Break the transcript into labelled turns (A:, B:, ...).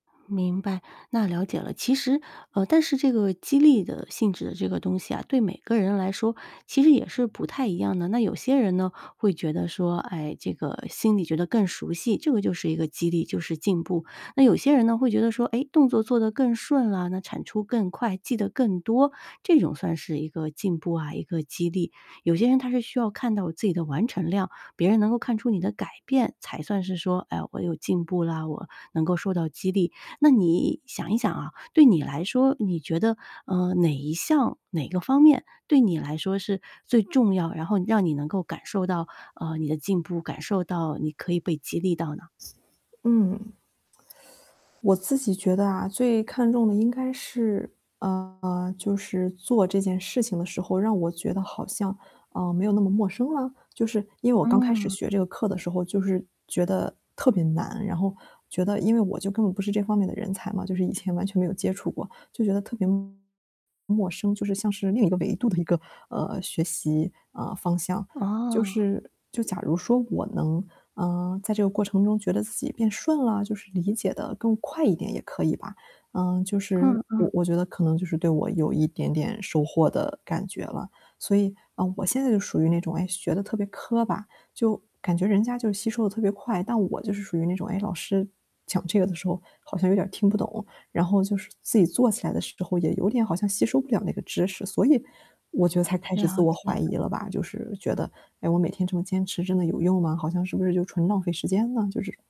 A: 明白，那了解了。其实呃，但是这个激励的性质的这个东西啊，对每个人来说，其实也是不太一样的。那有些人呢，会觉得说，哎，这个心里觉得更熟悉，这个就是一个激励，就是进步。那有些人呢会觉得说，诶，动作做得更顺了，那产出更快，记得更多，这种算是一个进步啊，一个激励。有些人他是需要看到自己的完成量，别人能够看出你的改变，才算是说，哎，我有进步啦，我能够受到激励。那你想一想啊，对你来说，你觉得，嗯，哪一项、哪个方面对你来说是最重要，然后你让你能够感受到，呃，你的进步，感受到你可以被激励到呢？
B: 嗯。我自己觉得啊，最看重的应该是，呃，就是做这件事情的时候让我觉得好像，啊，没有那么陌生了？就是因为我刚开始
A: 嗯。
B: 学这个课的时候就是觉得特别难，然后觉得因为我就根本不是这方面的人才嘛，就是以前完全没有接触过，就觉得特别陌生，就是像是另一个维度的一个，呃，学习，嗯，方向。就
A: 哦。
B: 是就假如说我能，啊，在这个过程中觉得自己变顺了，就是理解得更快一点也可以吧。嗯，就是
A: 嗯
B: 我
A: 嗯。
B: 我觉得可能就是对我有一点点收获的感觉了。所以，嗯，我现在就属于那种，哎，学得特别磕巴，就感觉人家就是吸收得特别快。但我就是属于那种，哎，老师讲这个的时候，好像有点儿听不懂。然后就是自己做起来的时候也有点好像吸收不了那个知识，所以我觉得才开始自
A: 了
B: 我
A: 解了。
B: 怀疑了吧。就是觉得，诶，我每天这么坚持真的有用吗？好像是不是就纯浪费时间了，就是